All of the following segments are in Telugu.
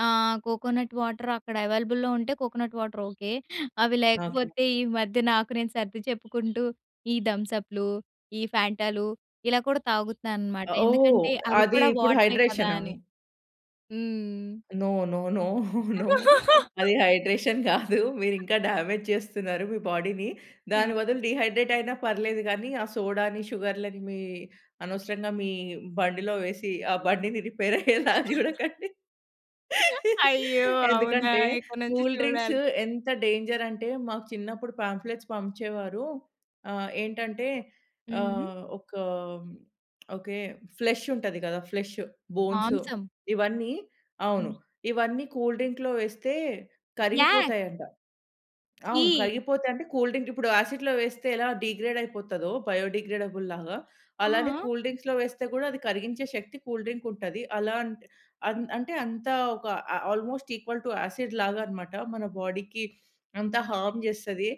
ఆ! కోకోనట్ వాటర్ అక్కడ అవైలబుల్‌లో ఉంటే, కోకోనట్ వాటర్ ఓకే. అవి ఓకే. లేకపోతే ఈ మధ్య నాకు నేను సర్ది చెప్పుకుంటూ, ఈ థమ్సప్‌లు, ఈ ఫ్యాంటాలు ఇలా కూడా తాగుతున్నానన్నమాట ఓహ్! ఎందుకంటే, అవి అది కూడా ఇప్పుడు వాటరే కదా! హైడ్రేషనా? అని. హ్మ్. నో, నో, నో, నో అది హైడ్రేషన్ గాదు. మీరింకా డ్యామేజ్‌ జేస్తున్నారు, మీ బాడీని. దాని హ్మ్. బదులు డీహైడ్రేట్ అయినా పర్లేదు గానీ, ఆ సోడాని, షుగర్లని మీ అనవసరంగా మీ బండిలో వేసి, ఆ బండిని రిపేర్ అయ్యేలా జూడకండి. అయ్యో! అవునా! ఎందుకంటే, ఇక్కడి నుంచి కూల్ డ్రింక్సు జూడాలి. ఎంత డేంజర్ అంటే, మాకు చిన్నప్పుడు పాంఫ్లెట్స్ పంచేవారు. ఆహ్, ఏంటంటే, హుహు. ఆహ్, ఒక ఓకే, ఫ్లష్ ఉంటది గదా ఫ్లష్, బోన్స్ మాంసం. ఇవన్నీ అవును. హ్మ్. ఇవన్నీ కూల్ డ్రింక్‌లో వేస్తే యాక్. కరిగిపోతాయాంట. అవును, ఛీ! కరిగిపోతే అంటే, కూల్ డ్రింక్ ఇప్పుడు యాసిడ్‌లో వేస్తే ఎలా డీగ్రేడ్ అయిపోతాదో, బయో డీగ్రేడబుల్ లాగా. ఆ! అలానే ఆ! కూల్ డ్రింక్స్‌లో వేస్తే గూడా అది కరిగించే శక్తి కూల్ డ్రింక్ ఉంటది. అలా అంటే, అన్ అంటే అంతా ఒక ఆ ఆల్‌మోస్ట్ ఈక్వల్ టూ యాసిడ్ లాగాన్నమాట, మన బాడీకి అంతా హార్మ్ జేస్తది.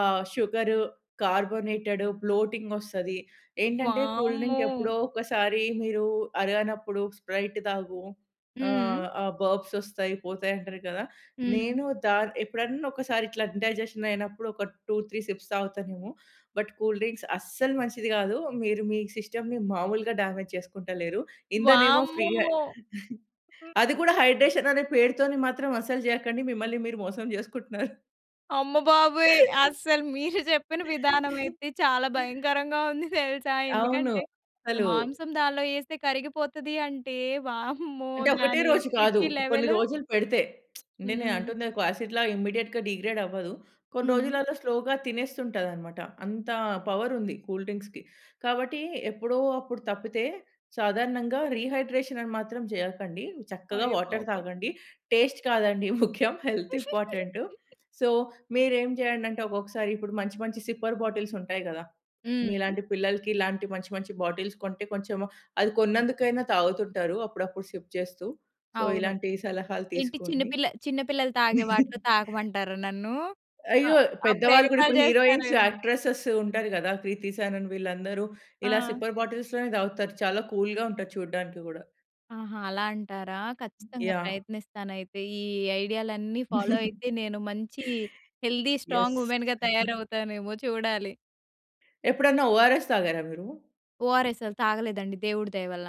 ఆహ్, షుగరు, కార్బోనేటెడు, బ్లోటింగ్ ఒస్తది. ఏంటంటే, కూల్ డ్రింక్ వామ్మో! ఎప్పుడో ఒకసారి మీరు అరగనప్పుడు స్ప్రైట్ తాగు. హుహు. ఆహ్, ఆ! బర్బ్స్ ఒస్తాయి, పోతాయి అంటారు గదా! హుహు. నేను దా ఎప్పుడన్నా ఒకసారి ఇట్లా ఇండైజెషన్‌ అయినప్పుడు, ఒక 2, 3 సిప్స్ తాగుతానేమో. బట్ కూల్ డ్రింక్స్ అస్సలు మంచిది గాదు. మీరు మీ సిస్టమ్‌‌ని మాములుగా డ్యామేజ్‌ జేసుకుంటలేరు. ఇందనేమో ఫ్రీ హె వామ్మో! అది గూడా హైడ్రేషన్ అనే పేరుతోని మాత్రం అస్సలు జేయకండి. మిమ్మల్ని మీరు మోసం జేసుకుంటున్నారు. అమ్మ బాబోయ్! అసలు మీరు జెప్పిన విధానమయితే చాలా భయంకరంగా ఉంది తెలుసా! అవును. ఎందుకంటే, ఒక అసలు మాంసం దానిలో ఏస్తే కరిగిపోతది అంటే, వామ్మో! అంటే ఒకటే దాని రోజు గాదు, ఎసిడిటీ కొన్ని లెవెల్ రోజులు పెడితే, నేను హ్మ్. అంటుంది ఒక యాసిడ్‌లా ఇమ్మీడియేట్‌గా డీగ్రేడ్ అవ్వదు. కొన్ని హ్మ్. రోజులలో స్లోగా తినేస్తుంటాదన్నమాట. అంత పవర్ ఉంది కూల్ డ్రింక్స్‌కి. కాబట్టి ఎప్పుడో అప్పుడు తప్పితే, సాధారణంగా రీహైడ్రేషన్ అని మాత్రం జేయకండి. చక్కగా అయ్యో వాటర్ బాబోయ్! తాగండి. టేస్ట్ కాదండి ముఖ్యం, హెల్త్ ఇంపార్టెంటు. సో, మీరేం జేయండంటే, ఒక్కొక్కసారి మంచి మంచి సిప్పర్ బాటిల్స్ ఉంటాయి గదా! హుహు. మీలాంటి పిల్లలకి ఇలాంటి మంచి మంచి బాటిల్స్ కొంటే కొంచెం, అది కొన్నందుకైనా తాగుతుంటారు, అప్పుడప్పుడు సిప్ జేస్తూ. సో, అవును. ఇలాంటి సలహాలు ఏంటి చిన్న తీసుకోండి. పిల్ల చిన్న పిల్లలు తాగే వాటిలో తాగమంటారా నన్ను? అ అయ్యో! అప్పుడు పెద్దవాళ్ళు గూడా ఎగతాళి ఇప్పుడు హీరోయిన్స్, జేస్తారేమో. యాక్ట్రెసేస్ ఉంటారు గదా! 'కృతి సనన్' వీళ్ళందరూ ఇలా ఆ! స్లిప్పర్ బాటిల్స్‌లోనే దాగుతారు. చాలా కూల్‌గా ఉంటారు చూడడానికి గూడా. ఆహా! అలా అంటారా. ఖచ్చితంగా యాహ్! ప్రయత్నిస్తానయితే. ఈ ఐడియాలన్నీ ఫాలో అయితే, నేను మంచి హెల్తీ స్ట్రాంగ్ యెస్. ఉమెన్‌గా తయారవుతానేమో చూడాలి. ఎప్పుడైనా ఓఆర్ఎస్ తాగారా మీరు? ఓఆర్ఎస్ఎల్ తాగలేదండి దేవుడి దయ వల్ల.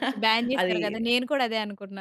ఇప్పుడు బ్యాన్‌ అది చేసారు గదా! నేను కూడా అదే అనుకున్నా.